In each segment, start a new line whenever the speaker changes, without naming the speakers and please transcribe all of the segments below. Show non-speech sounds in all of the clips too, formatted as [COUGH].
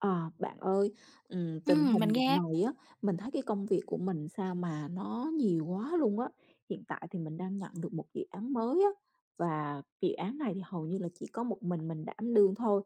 Ờ, bạn ơi, ừm, tình
Ừm, mình
hình dạo
nghe.
này á, mình thấy cái công việc của mình sao mà nó nhiều quá luôn á. Hiện tại thì mình đang nhận được một dự án mới á. Và dự án này thì hầu như là chỉ có một mình mình đảm đương thôi,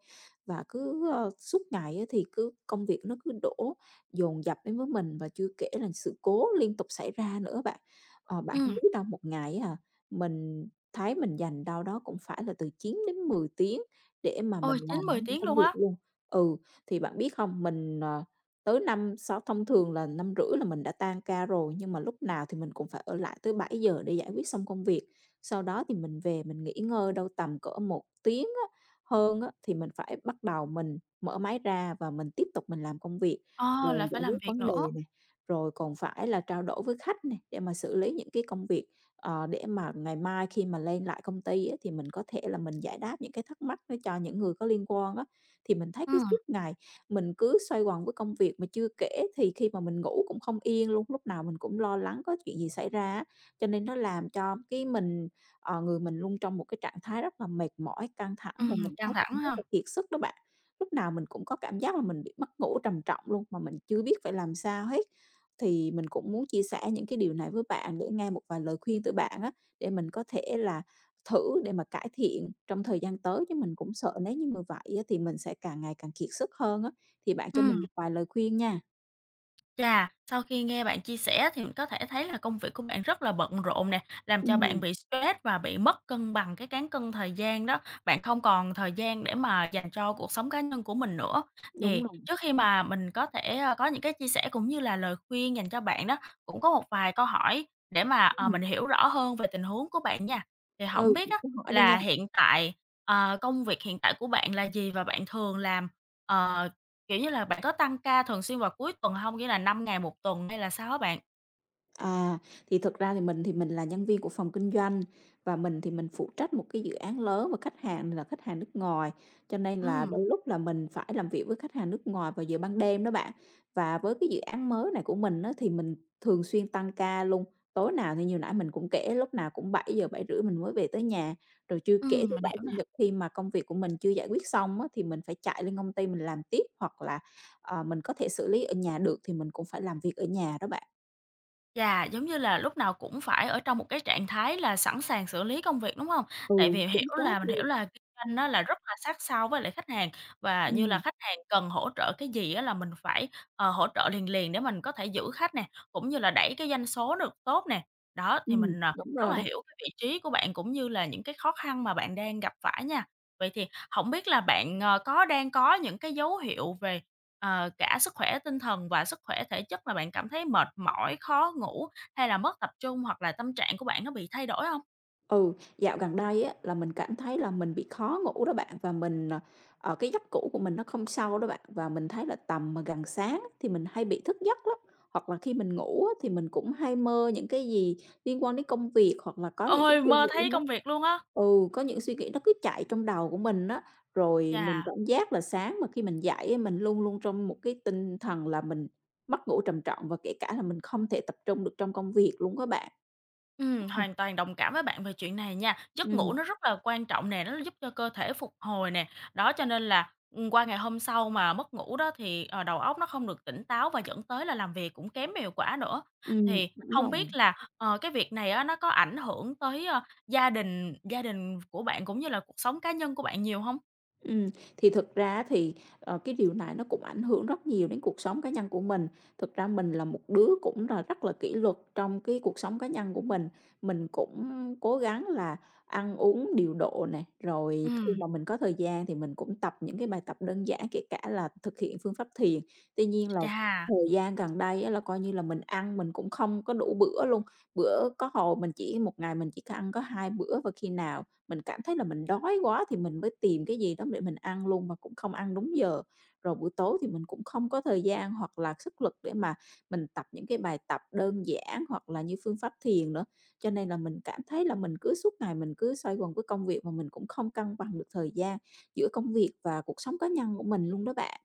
và cứ, ơ, suốt ngày á thì cứ công việc nó cứ đổ dồn dập đến với mình và chưa kể là sự cố liên tục xảy ra nữa bạn. Ờ, bạn không
Ừm.
biết đâu, một ngày á hả mình thấy mình dành đâu đó cũng phải là từ 9-10 tiếng để mà mình
Ôi, chín
làm
mười
[UNINTELLIGIBLE]
tiếng
công
luôn
việc
á.
luôn. Ừ, thì bạn biết không, mình, ờ, tới năm, sáu thông thường là 5:30 là mình đã tan ca rồi, nhưng mà lúc nào thì mình cũng phải ở lại tới 7:00 để giải quyết xong công việc. Sau đó thì mình về mình nghỉ ngơi đâu tầm cỡ 1 tiếng á, hơn á, thì mình phải bắt đầu mình mở máy ra và mình tiếp tục mình làm công việc.
À,
Rồi
lại
giải
phải
quyết
làm việc
vấn
nữa.
đề này, rồi còn phải là trao đổi với khách nè, để mà xử lý những cái công việc, ờ, để mà ngày mai khi mà lên lại công ty á thì mình có thể là mình giải đáp những cái thắc mắc ấy cho những người có liên quan á. Thì mình thấy cứ suốt
Ừm.
ngày mình cứ xoay quần với công việc. Mà chưa kể thì khi mà mình ngủ cũng không yên luôn, lúc nào mình cũng lo lắng có chuyện gì xảy ra á, cho nên nó làm cho cái mình ờ, người mình luôn trong một cái trạng thái rất là mệt mỏi, căng thẳng, và
Ừm,
mình
căng
thấy cũng
thẳng
rất
ha?
là kiệt sức đó bạn. Lúc nào mình cũng có cảm giác là mình bị mất ngủ trầm trọng luôn, mà mình chưa biết phải làm sao hết. Thì mình cũng muốn chia sẻ những cái điều này với bạn để nghe một vài lời khuyên từ bạn á, để mình có thể là thử để mà cải thiện trong thời gian tới, chứ mình cũng sợ nếu như mà vậy á thì mình sẽ càng ngày càng kiệt sức hơn á. Thì bạn cho mình
Ừm.
một vài lời khuyên nha.
Chà, sau khi nghe bạn chia sẻ thì mình có thể thấy là công việc của bạn rất là bận rộn nè, làm cho bạn
Ừm.
bị stress và bị mất cân bằng cái cán cân thời gian đó, bạn không còn thời gian để mà dành cho cuộc sống cá nhân của mình nữa.
Đúng
Thì
rồi.
trước khi mà mình có thể, ờ, có những cái chia sẻ cũng như là lời khuyên dành cho bạn đó, cũng có một vài câu hỏi để mà, ờ,
Ừm.
mình hiểu rõ hơn về tình huống của bạn nha. Thì hổng
Ừ,
biết
bạn
á
cứ hỏi đi nha.
là hiện tại, ờ, công việc hiện tại của bạn là gì? Và bạn thường làm, ờ, kiểu như là bạn có tăng ca thường xuyên vào cuối tuần hông? Nghĩa là 5 ngày 1 tuần hay là sao hả bạn?
À, thì thực ra thì mình thì mình là nhân viên của phòng kinh doanh, và mình thì mình phụ trách một cái dự án lớn và khách hàng là khách hàng nước ngoài, cho nên là
Ừm.
đôi lúc là mình phải làm việc với khách hàng nước ngoài vào giờ ban đêm đó bạn. Và với cái dự án mới này của mình á, thì mình thường xuyên tăng ca luôn, tối nào thì như nãy mình cũng kể lúc nào cũng 7:00, 7:30 mình mới về tới nhà. Rồi chưa kể
Ừm,
thứ
mình
Bảy,
hiểu
Chủ
nè.
Nhật khi mà công việc của mình chưa giải quyết xong á thì mình phải chạy lên công ty mình làm tiếp, hoặc là, ờ, mình có thể xử lý ở nhà được thì mình cũng phải làm việc ở nhà đó bạn.
Chà, giống như là lúc nào cũng phải ở trong một cái trạng thái là sẵn sàng xử lý công việc, đúng hông?
Ừ,
Tại vì
chính
hiểu
xác
là mình hiểu
luôn.
là kinh doanh á là rất là sát sao với lại khách hàng, và như là
Ừm.
khách hàng cần hỗ trợ cái gì á là mình phải, ờ, hỗ trợ liền liền để mình có thể giữ khách nè, cũng như là đẩy cái doanh số được tốt nè. Đó, thì
Ừm,
mình, ờ,
đúng
rất
rồi
là
đấy.
hiểu cái vị trí của bạn cũng như là những cái khó khăn mà bạn đang gặp phải nha. Vậy thì hổng biết là bạn, ờ, có đang có những cái dấu hiệu về, ờ, cả sức khỏe tinh thần và sức khỏe thể chất mà bạn cảm thấy mệt mỏi, khó ngủ hay là mất tập trung hoặc là tâm trạng của bạn nó bị thay đổi hông?
Ừ, dạo gần đây á, là mình cảm thấy là mình bị khó ngủ đó bạn, và mình, ờ, ờ cái giấc ngủ của mình nó không sâu đó bạn, và mình thấy là tầm, ờ, gần sáng thì mình hay bị thức giấc lắm. Hoặc là khi mình ngủ á thì mình cũng hay mơ những cái gì liên quan đến công việc, hoặc là có những cái
Ôi,
suy
mơ
nghĩ
thấy
nó
công việc luôn á?
ừ, có những suy nghĩ nó cứ chạy trong đầu của mình á. Rồi mình
Chà!
cảm giác là sáng mà khi mình dậy á, mình luôn luôn trong một cái tinh thần là mình mất ngủ trầm trọng và kể cả là mình không thể tập trung được trong công việc luôn đó bạn.
Ừm,
Ừ.
hoàn toàn đồng cảm với bạn về chuyện này nha, giấc ngủ
Ừm.
nó rất là quan trọng nè, nó giúp cho cơ thể phục hồi nè. Đó, cho nên là, ừm, qua ngày hôm sau mà mất ngủ đó thì, ờ, đầu óc nó không được tỉnh táo và dẫn tới là làm việc cũng kém hiệu quả nữa.
Ừm,
Thì
đúng
hông
rồi.
biết là, ờ, cái việc này á nó có ảnh hưởng tới, ờ, gia đình gia đình của bạn cũng như là cuộc sống cá nhân của bạn nhiều hông?
Ừm, thì thực ra á thì, ờ, cái điều này nó cũng ảnh hưởng rất nhiều đến cuộc sống cá nhân của mình. Thực ra mình là một đứa cũng là rất là kỷ luật trong cái cuộc sống cá nhân của mình, mình cũng cố gắng là ăn uống điều độ này, rồi khi
Ừm.
mà mình có thời gian thì mình cũng tập những cái bài tập đơn giản, kể cả là thực hiện phương pháp thiền. Tuy nhiên là
Chà!
thời gian gần đây á, là, coi như là, mình ăn mình cũng không có đủ bữa luôn, bữa có hồi mình chỉ 1 ngày mình chỉ có ăn có 2 bữa, và khi nào mình cảm thấy là mình đói quá thì mình mới tìm cái gì đó để mình ăn luôn, mà cũng không ăn đúng giờ. Rồi buổi tối thì mình cũng không có thời gian hoặc là sức lực để mà mình tập những cái bài tập đơn giản, hoặc là như phương pháp thiền nữa. Cho nên là mình cảm thấy là mình cứ suốt ngày mình cứ xoay quần với công việc, và mình cũng không cân bằng được thời gian giữa công việc và cuộc sống cá nhân của mình luôn đó bạn.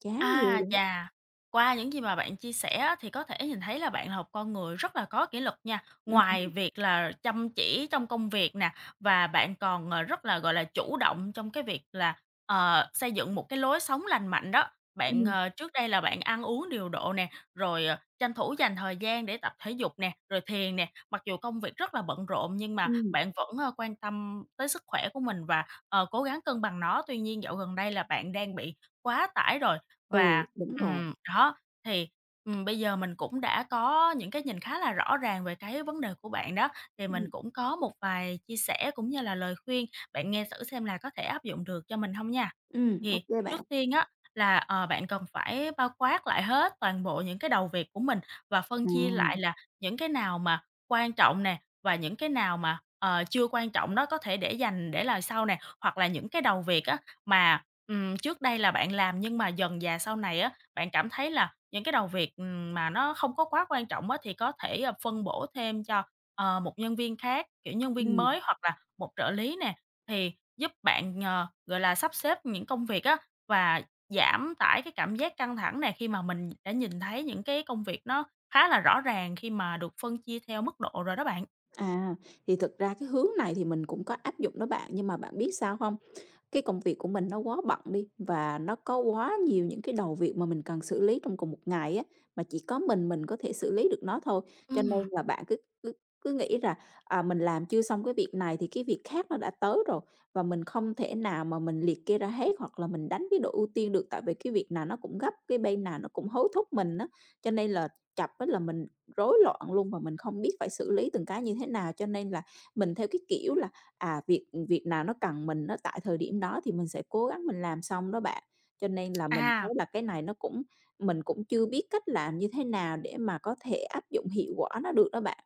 Chán ghê
A,
luôn đó!
chà! Qua những gì mà bạn chia sẻ á thì có thể nhìn thấy là bạn là hộp con người rất là có kỷ luật nha.
Ừm
Ngoài
hưm.
việc là chăm chỉ trong công việc nè, và bạn còn, ờ, rất là, gọi là, chủ động trong cái việc là, ờ, xây dựng một cái lối sống lành mạnh đó. Bạn,
Ừm.
ờ, trước đây là bạn ăn uống điều độ nè, rồi, ờ, tranh thủ dành thời gian để tập thể dục nè, rồi thiền nè, mặc dù công việc rất là bận rộn, nhưng mà
Ừm.
bạn vẫn, ờ, quan tâm tới sức khỏe của mình và, ờ, cố gắng cân bằng nó. Tuy nhiên, dạo gần đây là bạn đang bị quá tải rồi,
Ừ,
và
đúng rồi.
ừm, đó. Thì, ừm, bây giờ mình cũng đã có những cái nhìn khá là rõ ràng về cái vấn đề của bạn đó, thì mình
Ừm.
cũng có một vài chia sẻ cũng như là lời khuyên, bạn nghe xử xem là có thể áp dụng được cho mình hông nha?
Ừm, ô
Thì
kê bạn.
trước tiên á là, ờ, bạn cần phải bao quát lại hết toàn bộ những cái đầu việc của mình, và
À.
phân chia lại là những cái nào mà quan trọng nè, và những cái nào mà, ờ, chưa quan trọng đó, có thể để dành để lại sau nè. Hoặc là những cái đầu việc á mà, ừm, trước đây là bạn làm, nhưng mà dần dà sau này á, bạn cảm thấy là những cái đầu việc, ừm, mà nó không có quá quan trọng á, thì có thể, ờ, phân bổ thêm cho, ờ, một nhân viên khác, kiểu nhân viên
Ừm.
mới hoặc là một trợ lý nè. Thì giúp bạn, ờ, gọi là, sắp xếp những công việc á và giảm tải cái cảm giác căng thẳng nè, khi mà mình đã nhìn thấy những cái công việc nó khá là rõ ràng khi mà được phân chia theo mức độ rồi đó bạn.
À, thì thực ra cái hướng này thì mình cũng có áp dụng đó bạn, nhưng mà bạn biết sao hông? Cái công việc của mình nó quá bận đi, và nó có quá nhiều những cái đầu việc mà mình cần xử lý trong cùng một ngày á, mà chỉ có mình mình có thể xử lý được nó thôi. Cho nên
Ừm.
là bạn cứ cứ cứ nghĩ rà, à, mình làm chưa xong cái việc này thì cái việc khác nó đã tới rồi. Và mình không thể nào mà mình liệt kê ra hết hoặc là mình đánh cái độ ưu tiên được, tại vì cái việc nào nó cũng gấp, cái bên nào nó cũng hối thúc mình á. Cho nên là chập á là mình rối loạn luôn, và mình không biết phải xử lý từng cái như thế nào, cho nên là mình theo cái kiểu là, à, việc, ừm, việc nào nó cần mình á tại thời điểm đó thì mình sẽ cố gắng mình làm xong đó bạn. Cho nên là mình thấy
À.
là cái này nó cũng mình cũng chưa biết cách làm như thế nào để mà có thể áp dụng hiệu quả nó được đó bạn.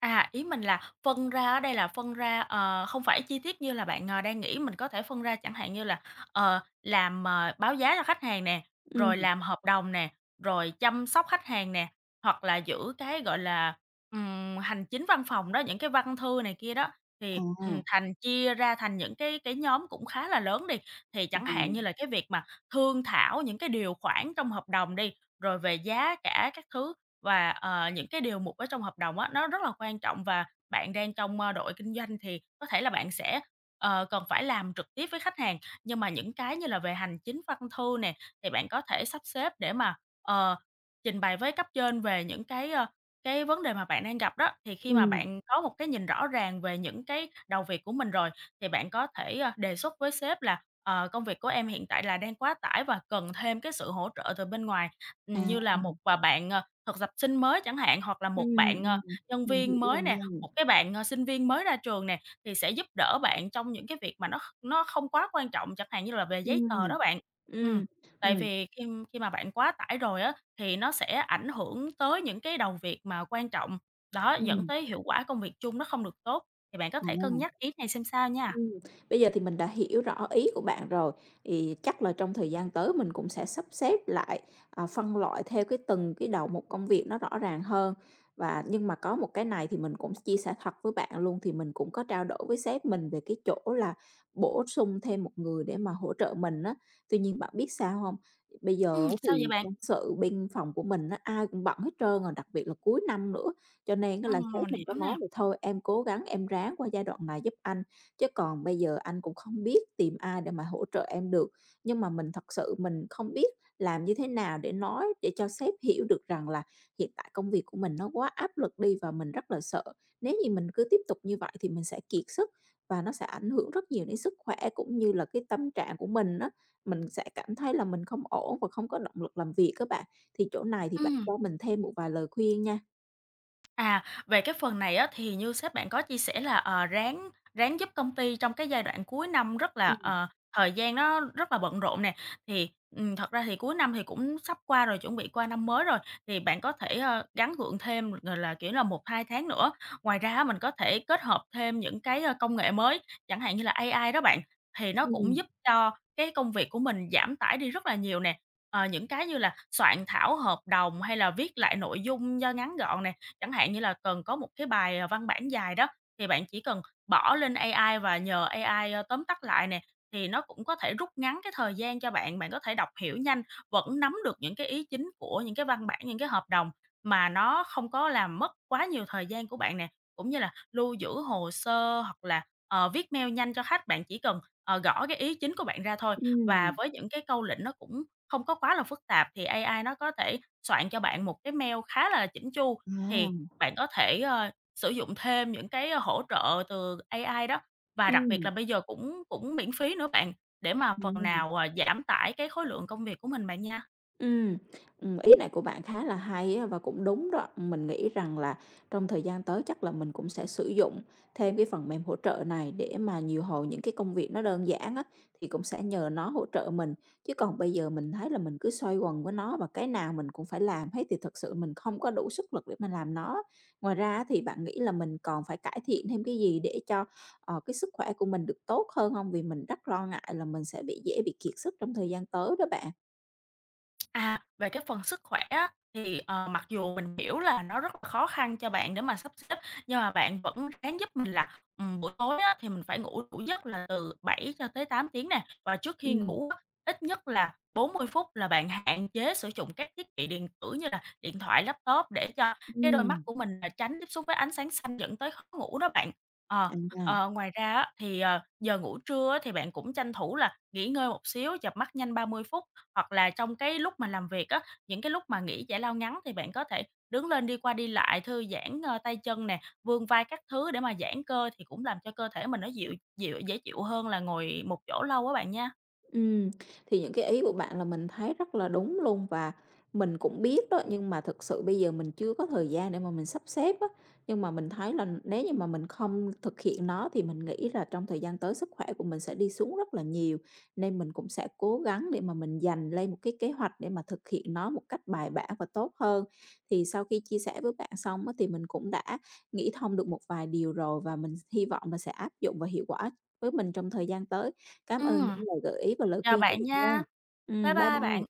À, ý mình là phân ra ở đây là phân ra, ờ, không phải chi tiết như là bạn, ờ, đang nghĩ. Mình có thể phân ra chẳng hạn như là, ờ, làm, ờ, báo giá cho khách hàng nè, rồi
Ừm.
làm hợp đồng nè, rồi chăm sóc khách hàng nè, hoặc là giữ cái, gọi là, ừm, hành chính văn phòng đó, những cái văn thư này kia đó thì, ừm,
À.
thành chia ra thành những cái cái nhóm cũng khá là lớn đi, thì chẳng hạn như
Ừm.
là cái việc mà thương thảo những cái điều khoản trong hợp đồng đi, rồi về giá cả các thứ và, ờ, những cái điều mục ở trong hợp đồng á, nó rất là quan trọng và bạn đang trong, ơ, đội kinh doanh thì có thể là bạn sẽ, ờ, cần phải làm trực tiếp với khách hàng. Nhưng mà những cái như là về hành chính văn thư nè, thì bạn có thể sắp xếp để mà, ờ, trình bày với cấp trên về những cái, ờ, cái vấn đề mà bạn đang gặp đó, thì khi mà
Ừm.
bạn có một cái nhìn rõ ràng về những cái đầu việc của mình rồi, thì bạn có thể, ờ, đề xuất với sếp là, ờ, công việc của em hiện tại là đang quá tải và cần thêm cái sự hỗ trợ từ bên ngoài, như là 1
À.
à, bạn, à, thực tập sinh mới chẳng hạn hoặc là 1
Ừm,
bạn, ờ,
ừm,
nhân
mình hiểu
viên
rồi
mới nè,
nha.
1, cái bạn, ờ, sinh viên mới ra trường nè thì sẽ giúp đỡ bạn trong những cái việc mà nó kh nó không quá quan trọng chẳng hạn như là về giấy
Ừm,
tờ đó bạn. Ừm.
ừm,
Tại
ừm.
vì khi khi mà bạn quá tải rồi á, thì nó sẽ ảnh hưởng tới những cái đầu việc mà quan trọng, đó, dẫn
Ừm.
tới hiệu quả công việc chung nó không được tốt, thì bạn có thể cân
À.
nhắc ý này xem sao nha.
Ừm, bây giờ thì mình đã hiểu rõ ý của bạn rồi, thì chắc là trong thời gian tới mình cũng sẽ sắp xếp lại, à, phân loại theo cái từng cái đầu mục công việc nó rõ ràng hơn, và nhưng mà có một cái này thì mình cũng chia sẻ thật với bạn luôn, thì mình cũng có trao đổi với sếp mình về cái chỗ là bổ sung thêm 1 người để mà hỗ trợ mình á. Tuy nhiên bạn biết sao hông? Bây giờ
Ừm,
á
sao vậy
thì
bạn?
nhân sự bên phòng của mình á, ai cũng bận hết trơn rồi, đặc biệt là cuối năm nữa, cho nên á là
Ừm,
sếp
mình
mình có
hiểu
nói
nè.
mình, thôi em cố gắng em ráng qua giai đoạn này giúp anh, chứ còn bây giờ anh cũng không biết tìm ai để mà hỗ trợ em được. Nhưng mà mình thật sự mình không biết làm như thế nào để nói để cho sếp hiểu được rằng là hiện tại công việc của mình nó quá áp lực đi và mình rất là sợ. Nếu như mình cứ tiếp tục như vậy thì mình sẽ kiệt sức và nó sẽ ảnh hưởng rất nhiều đến sức khỏe, cũng như là cái tâm trạng của mình á, mình sẽ cảm thấy là mình không ổn và không có động lực làm việc á bạn. Thì chỗ này thì bạn
Ừm.
cho mình thêm một vài lời khuyên nha.
À, về cái phần này á, thì như sếp bạn có chia sẻ là, ờ, ráng ráng giúp công ty trong cái giai đoạn cuối năm rất là
Ừm.
ờ, thời gian nó rất là bận rộn nè, thì, ừm, thật ra thì cuối năm thì cũng sắp qua rồi, chuẩn bị qua năm mới rồi, thì bạn có thể ờ, gắn gượng thêm, gọi là, kiểu là, 1-2 tháng nữa. Ngoài ra á, mình có thể kết hợp thêm những cái, a, công nghệ mới, chẳng hạn như là AI đó bạn, thì nó cũng
Ừm.
giúp cho cái công việc của mình giảm tải đi rất là nhiều nè, ờ, những cái như là soạn thảo hợp đồng, hay là viết lại nội dung do ngắn gọn nè. Chẳng hạn như là cần có một cái bài, ờ, văn bản dài đó, thì bạn chỉ cần bỏ lên AI và nhờ AI, ơ, tóm tắt lại nè, thì nó cũng có thể rút ngắn cái thời gian cho bạn, bạn có thể đọc hiểu nhanh, vẫn nắm được những cái ý chính của những cái văn bản, những cái hợp đồng mà nó không có làm mất quá nhiều thời gian của bạn nè. Cũng như là lưu giữ hồ sơ, hoặc là, ờ, viết mail nhanh cho khách, bạn chỉ cần, ờ, gõ cái ý chính của bạn ra thôi và
Ừm.
với những cái câu lệnh nó cũng không có quá là phức tạp thì AI nó có thể soạn cho bạn một cái mail khá là chỉn chu. Thì
Ờm.
bạn có thể, ơ, sử dụng thêm những cái, ơ, hỗ trợ từ AI đó và đặc biệt
Ừm.
là bây giờ cũng cũng miễn phí nữa bạn để mà phần
Ừm.
nào, ờ, giảm tải cái khối lượng công việc của mình bạn nha.
Ừm, ừm, ý này của bạn khá là hay á và cũng đúng đó. Mình nghĩ rằng là trong thời gian tới chắc là mình cũng sẽ sử dụng thêm cái phần mềm hỗ trợ này để mà điều hồi những cái công việc nó đơn giản á thì cũng sẽ nhờ nó hỗ trợ mình. Chứ còn bây giờ mình thấy là mình cứ xoay quần với nó và cái nào mình cũng phải làm hết thì thực sự mình không có đủ sức lực để mà làm nó. Ngoài ra á thì bạn nghĩ là mình còn phải cải thiện thêm cái gì để cho, ờ, cái sức khỏe của mình được tốt hơn hông? Vì mình rất lo ngại là mình sẽ bị dễ bị kiệt sức trong thời gian tới đó bạn.
À, về cái phần sức khỏe á thì, ờ, mặc dù mình hiểu là nó rất là khó khăn cho bạn để mà sắp xếp nhưng mà bạn vẫn ráng giúp mình là, ừm, buổi tối á thì mình phải ngủ đủ giấc là từ 7 cho tới 8 tiếng nè. Và trước khi
Ừm.
ngủ á, ít nhất là 40 phút là bạn hạn chế sử dụng các thiết bị điện tử như là điện thoại, laptop để cho cái đôi mắt
Ừm.
của mình là tránh tiếp xúc với ánh sáng xanh dẫn tới khó ngủ đó bạn. Ờ, ờ,
[UNINTELLIGIBLE]
ngoài ra á thì, ờ, giờ ngủ trưa á thì bạn cũng tranh thủ là nghỉ ngơi một xíu, chợp mắt nhanh 30 phút hoặc là trong cái lúc mà làm việc á. Những cái lúc mà nghỉ giải lao ngắn thì bạn có thể đứng lên đi qua đi lại, thư giãn, ơ, tay chân nè, vươn vai các thứ để mà giãn cơ thì cũng làm cho cơ thể mình nó dịu dịu dễ chịu hơn là ngồi một chỗ lâu á bạn nha.
Ừm, thì những cái ý của bạn là mình thấy rất là đúng luôn và mình cũng biết đó, nhưng mà thực sự bây giờ mình chưa có thời gian để mà mình sắp xếp á. Nhưng mà mình thấy là nếu như mà mình không thực hiện nó thì mình nghĩ là trong thời gian tới sức khỏe của mình sẽ đi xuống rất là nhiều, nên mình cũng sẽ cố gắng để mà mình dành lên một cái kế hoạch để mà thực hiện nó một cách bài bản và tốt hơn. Thì sau khi chia sẻ với bạn xong á thì mình cũng đã nghĩ thông được một vài điều rồi và mình hy vọng là sẽ áp dụng và hiệu quả với mình trong thời gian tới. Cám ơn
Ừm.
những lời gợi ý và lời
Chào
khuyên của
bạn
bạn
nha.
nha.
Bye
Ừm, bye
bye
bye.
bạn.